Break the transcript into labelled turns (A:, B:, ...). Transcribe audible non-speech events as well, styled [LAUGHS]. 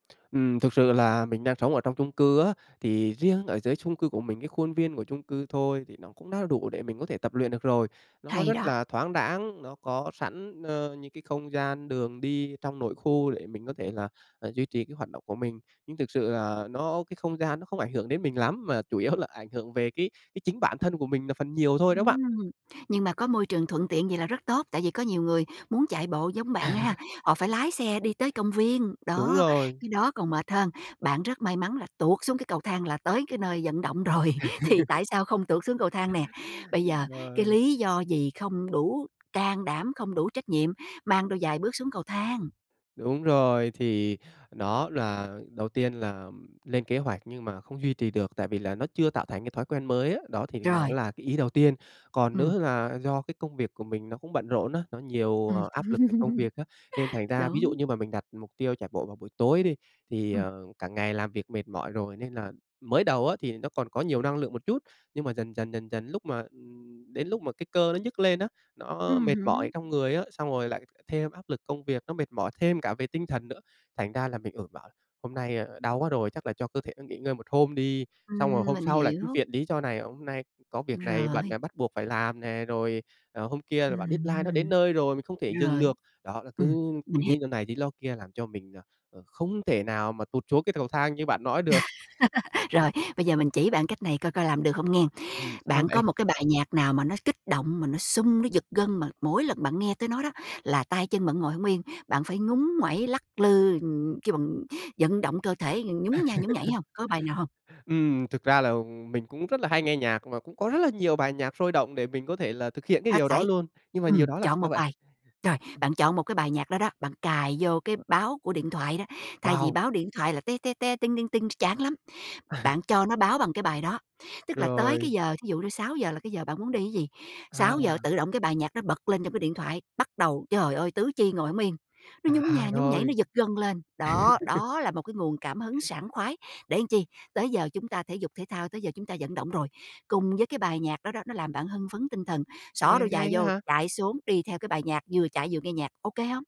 A: Ừm, thực sự là mình đang sống ở trong chung cư á thì riêng ở dưới chung cư của mình, cái khuôn viên của chung cư thôi thì nó cũng đã đủ để mình có thể tập luyện được rồi. Nó
B: Hay
A: rất
B: đó.
A: là thoáng đãng, nó có sẵn, ờ, những cái không gian đường đi trong nội khu để mình có thể là, à, duy trì cái hoạt động của mình. Nhưng thực sự là nó cái không gian nó không ảnh hưởng đến mình lắm, mà chủ yếu là ảnh hưởng về cái cái chính bản thân của mình là phần nhiều thôi đó bạn.
B: Ừm, nhưng mà có môi trường thuận tiện vậy là rất tốt, tại vì có nhiều người muốn chạy bộ giống bạn ha,
A: [LAUGHS]
B: họ phải lái xe đi tới công viên,
A: Đúng
B: đó,
A: rồi.
B: cái đó còn mệt hơn. Bạn rất may mắn là tuột xuống cái cầu thang là tới cái nơi vận động rồi, thì
A: [LAUGHS]
B: tại sao không tuột xuống cầu thang nè. Bây
A: Ừm,
B: giờ cái
A: rồi.
B: lý do gì không đủ can đảm, không đủ trách nhiệm, mang đôi giày bước xuống cầu thang.
A: Đúng rồi, thì nó là đầu tiên là lên kế hoạch nhưng mà không duy trì được tại vì là nó chưa tạo thành cái thói quen mới á, đó thì nó
B: Rồi.
A: là cái ý đầu tiên. Còn
B: Ừm.
A: nữa là do cái công việc của mình nó cũng bận rộn á, nó nhiều
B: Ừm.
A: áp lực về công
B: [LAUGHS]
A: việc á, nên thành ra, ví dụ
B: Đúng.
A: như mà mình đặt mục tiêu chạy bộ vào buổi tối đi thì,
B: Ừm.
A: ờ, cả ngày làm việc mệt mỏi rồi nên là mới đầu á thì nó còn có nhiều năng lượng một chút. Nhưng mà dần dần, dần dần, lúc mà ừm, đến lúc mà cái cơ nó nhức lên á, nó
B: Ừm
A: mệt mỏi
B: hứ.
A: trong người á, xong rồi lại thêm áp lực công việc, nó mệt mỏi thêm cả về tinh thần nữa. Thành ra là, ừ, mình bảo là "Hôm nay đau quá rồi, chắc là cho cơ thể nó nghỉ ngơi một hôm đi." Xong rồi
B: Ừm,
A: hôm
B: mình
A: sau lại cứ
B: hiểu.
A: viện lý do này, hôm nay có việc này bận
B: Rồi.
A: bắt buộc phải làm nè, rồi, ờ, hôm kia là
B: Ừm
A: bận deadline nó đến
B: hừm.
A: nơi rồi, mình không thể dừng
B: Rồi.
A: được. Đó là cứ
B: Ừm, mình hiểu.
A: lí do này, lí do kia làm cho mình, à, à, không thể nào mà tụt xuống cái cầu thang như bạn nói được.
B: [LAUGHS] Rồi, bây giờ mình chỉ bạn cách này coi coi làm được hông nghen.
A: Ừm, sao
B: Bạn
A: vậy?
B: có một cái bài nhạc nào mà nó kích động, mà nó sung, nó giật gân, mà mỗi lần bạn nghe tới nó đó là tay chân bạn ngồi hông yên, bạn phải ngúng nguẩy lắc lư, ừm, kêu bằng vận động cơ thể nhún nha nhún nhảy
A: [LAUGHS]
B: hông, có bài nào hông?
A: Ừm, thực ra là mình cũng rất là hay nghe nhạc và cũng có rất là nhiều bài nhạc sôi động để mình có thể là thực hiện cái
B: Hết
A: điều đó
B: sẩy.
A: luôn. Nhưng mà nhiều
B: Ừm,
A: đó làm
B: chọn một
A: sao vậy?
B: bài, rồi,
A: Ừm.
B: bạn chọn một cái bài nhạc đó đó, bạn cài vô cái báo của điện thoại đó, thay vì
A: Wow!
B: báo điện thoại là "te te te, ting ting ting" ch chán lắm. Bạn
A: [LAUGHS]
B: cho nó báo bằng cái bài đó, tức là tới cái
A: Rồi.
B: giờ, thí dụ như 6:00 là cái giờ bạn muốn đi ấy gì, 6:00
A: À.
B: tự động cái bài nhạc đó bật lên trong cái điện thoại, bắt đầu, trời ơi, tứ chi ngồi hổng yên. Nó nhún
A: À,
B: nha nhún nhảy,
A: rồi.
B: nó giật gân lên. Đó,
A: [LAUGHS]
B: đó là một cái nguồn cảm hứng sảng khoái để chi, tới giờ chúng ta thể dục thể thao, tới giờ chúng ta vận động rồi. Cùng với cái bài nhạc đó đó, nó làm bạn hưng phấn tinh thần, xỏ
A: Nghe
B: đôi
A: hay
B: giày
A: á
B: vô,
A: ha.
B: chạy xuống đi theo cái bài nhạc, vừa chạy vừa nghe nhạc, OK hông?